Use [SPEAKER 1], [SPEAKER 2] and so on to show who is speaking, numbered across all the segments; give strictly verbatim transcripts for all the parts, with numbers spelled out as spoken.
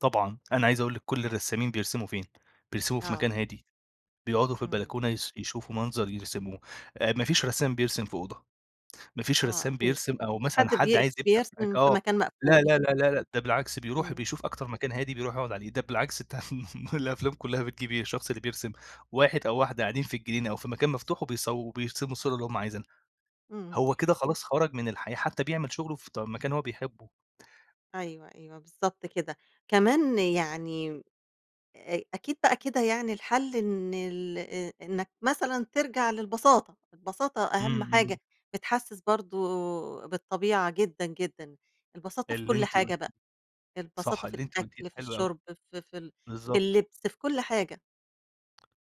[SPEAKER 1] طبعًا. أنا عايز أقول لِك كل
[SPEAKER 2] [unintelligible]
[SPEAKER 1] الرسّامين بيرسموا فين، بيرسموا في مكان
[SPEAKER 2] آه
[SPEAKER 1] هادي، بيقعدوا في
[SPEAKER 2] إمم.
[SPEAKER 1] البلكونة يس يشوفوا منظر يرسموه آآ، ما فيش رسّام بيرسم في أوضة، ما فيش
[SPEAKER 2] آه
[SPEAKER 1] رسّام
[SPEAKER 2] أكيد.
[SPEAKER 1] بيرسم أو مثلًا
[SPEAKER 2] حد
[SPEAKER 1] حد
[SPEAKER 2] بي
[SPEAKER 1] عايز يبدع معاك
[SPEAKER 2] بيرسم في
[SPEAKER 1] آه،
[SPEAKER 2] مكان
[SPEAKER 1] لا،
[SPEAKER 2] مقفول
[SPEAKER 1] لا، لا، لا، لا، ده بالعكس بيروح
[SPEAKER 2] إمم.
[SPEAKER 1] وبيشوف أكتر مكان هادي بيروح يقعد عليه ده بالعكس ده ما الأفلام كلها بتجيب إيه الشخص اللي بيرسم واحد أو واحدة قاعدين في الجنينة أو في مكان مفتوح وبيصو وبيرسموا الصورة اللي هُم عايزينها.
[SPEAKER 2] إمم.
[SPEAKER 1] هو كده خلاص خرج من الحياة حتى بيعمل شغله في ط مكان هو بيحبه.
[SPEAKER 2] أيوه، أيوه، بالضبط كده. كمان يعني أ أكيد بقى كده يعني الحل إن ال آآ، إنّك مثلًا ترجع للبساطة، البساطة
[SPEAKER 1] إمم،
[SPEAKER 2] أهم
[SPEAKER 1] إمم.
[SPEAKER 2] حاجة بتحسس برضه بالطبيعة جدًا، جدًا، البساطة في
[SPEAKER 1] اللي
[SPEAKER 2] كل
[SPEAKER 1] أنتِ
[SPEAKER 2] حاجة
[SPEAKER 1] قُلتي
[SPEAKER 2] بقى،
[SPEAKER 1] صح،
[SPEAKER 2] البساطة في
[SPEAKER 1] اللي أنتِ قُلتيه
[SPEAKER 2] الأكل، في
[SPEAKER 1] حلو أوي.
[SPEAKER 2] الشُرب في في ال في
[SPEAKER 1] بالضبط.
[SPEAKER 2] اللبس في كل حاجة.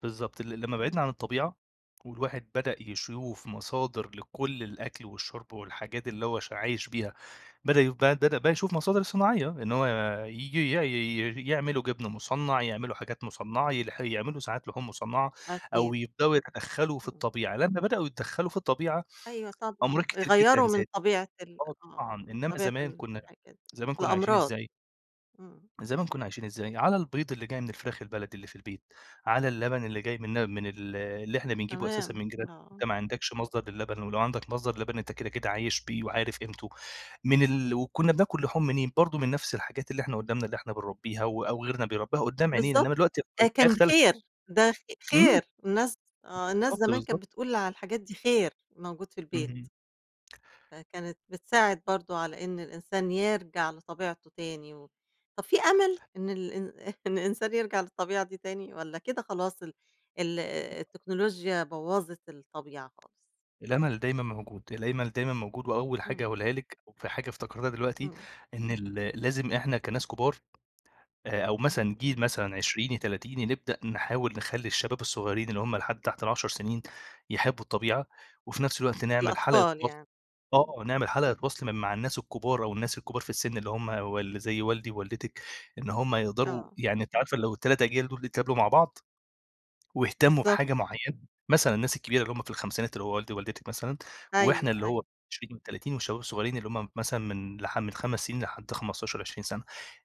[SPEAKER 1] بالضبط ال لما بعدنا
[SPEAKER 2] إمم.
[SPEAKER 1] عن الطبيعة والواحد بدأ يشوف مصادر لكل الأكل والشرب والحاجات اللي هو ش عايش بيها، بدأ يو بدأ يشوف مصادر صناعية إن هو ييجي ي ي يعملوا جبن مُصنّع، يعملوا حاجات مُصنّعة يلح يعملوا ساعات لحوم مُصنّعة أو
[SPEAKER 2] أكيد.
[SPEAKER 1] يبدأوا يتدخلوا في
[SPEAKER 2] إمم.
[SPEAKER 1] الطبيعة، لمّا بدأوا يتدخلوا في الطبيعة
[SPEAKER 2] أيوه طبعًا
[SPEAKER 1] أمراض كتير جدًا
[SPEAKER 2] يغيّروا من
[SPEAKER 1] زادت،
[SPEAKER 2] طبيعة ال
[SPEAKER 1] آه طبعًا،
[SPEAKER 2] آه، من
[SPEAKER 1] إنّما
[SPEAKER 2] طبيعة
[SPEAKER 1] زمان
[SPEAKER 2] ال
[SPEAKER 1] كُنّا
[SPEAKER 2] الحاجات دي.
[SPEAKER 1] زمان كُنّا عايشين
[SPEAKER 2] الأمراض.
[SPEAKER 1] إزاي؟
[SPEAKER 2] إمم.
[SPEAKER 1] زمان كُنّا عايشين إزاي؟ على البيض اللي جاي من الفراخ البلدي اللي في البيت، على اللبن اللي جاي من ل من ال اللي إحنا بنجيبه أساسًا
[SPEAKER 2] تمام.
[SPEAKER 1] من جيرا
[SPEAKER 2] آه.
[SPEAKER 1] أنت ما عندكش مصدر للبن ولو عندك مصدر لبن أنت كده كده عايش بيه وعارف قيمته، من ال وكُنّا بناكل لحوم منين برضه من نفس الحاجات اللي إحنا قُدّامنا اللي إحنا بنربيها و أو غيرنا بيربيها قُدّام عينينا،
[SPEAKER 2] بالضبط.
[SPEAKER 1] إنّما دلوقتي [unintelligible]
[SPEAKER 2] أ
[SPEAKER 1] الآية
[SPEAKER 2] كان
[SPEAKER 1] اختلفت.
[SPEAKER 2] خير، ده خ
[SPEAKER 1] إمم.
[SPEAKER 2] خير الناس آه، الناس
[SPEAKER 1] بالضبط
[SPEAKER 2] زمان
[SPEAKER 1] بالضبط.
[SPEAKER 2] كانت بتقول على الحاجات دي خير، موجود في البيت.
[SPEAKER 1] اهم.
[SPEAKER 2] فكانت بتساعد برضه على إن الإنسان يرجع لطبيعته تاني و طب في أمل؟ إن ال إن إن الإنسان يرجع للطبيعة دي تاني والّا كده خلاص ال ال التكنولوجيا بوّظِت الطبيعة خالص؟
[SPEAKER 1] الأمل دايمًا موجود، الأمل دايمًا موجود وأول حاجة
[SPEAKER 2] إمم.
[SPEAKER 1] أقولها لِك في حاجة افتكرتها دلوقتي،
[SPEAKER 2] إمم.
[SPEAKER 1] إن ال لازم إحنا كَناس كبار آآ، أو مثلًا جيل
[SPEAKER 2] إمم.
[SPEAKER 1] مثلًا عشريني، تلاتيني نبدأ نحاول نخَلّي الشباب الصغيرين اللي هُم لحد تحت العشر سنين يحبّوا الطبيعة وفي نفس الوقت نعمل حلقة
[SPEAKER 2] الأطفال
[SPEAKER 1] وصل
[SPEAKER 2] يعني. إمم.
[SPEAKER 1] آه نعمل حلقة وصل م مع الناس الكبار أو الناس الكبار في السن اللي هُم وال اللي زي والدي ووالدتِك إن هُم يقدروا
[SPEAKER 2] آه.
[SPEAKER 1] يعني أنتِ عارفة لو التلات أجيال دُول يتقابلوا مع بعض، واهتَموا بحاجة
[SPEAKER 2] بالضبط.
[SPEAKER 1] معينة، مثلًا الناس الكبيرة اللي هُم في خمسينات اللي هو والدي و والدتِك مثلًا وإحنا
[SPEAKER 2] أيوه،
[SPEAKER 1] اللي هو
[SPEAKER 2] أيوه.
[SPEAKER 1] عشرين تلاتين والشباب الصغيرين اللي هُم مثلًا من لح من خمس سنين لحد خمستاشر عشرين سنة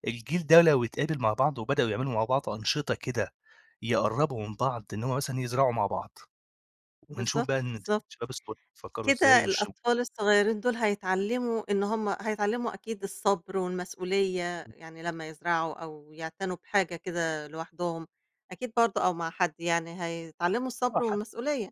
[SPEAKER 1] الجيل ده لو يتقابل مع بعض وبدأوا يعملوا مع بعض أنشطة كده يقَرّبوا من بعض إن هُم مثلًا يزرعوا مع بعض. ونشوف
[SPEAKER 2] بالضبط،
[SPEAKER 1] بقى إن
[SPEAKER 2] بالضبط.
[SPEAKER 1] الشباب الصغير فكّروا إزاي
[SPEAKER 2] كده
[SPEAKER 1] والشب
[SPEAKER 2] الأطفال الصغيرين دُول هيتعلموا إن هُم هيتعلموا أكيد الصبر والمسؤولية،
[SPEAKER 1] إمم.
[SPEAKER 2] يعني لمّا يزرعوا أو يعتنوا بحاجة كده لوحدهم، أكيد برضه أو مع حد يعني هيتعلموا
[SPEAKER 1] آه
[SPEAKER 2] الصبر
[SPEAKER 1] حت
[SPEAKER 2] والمسؤولية.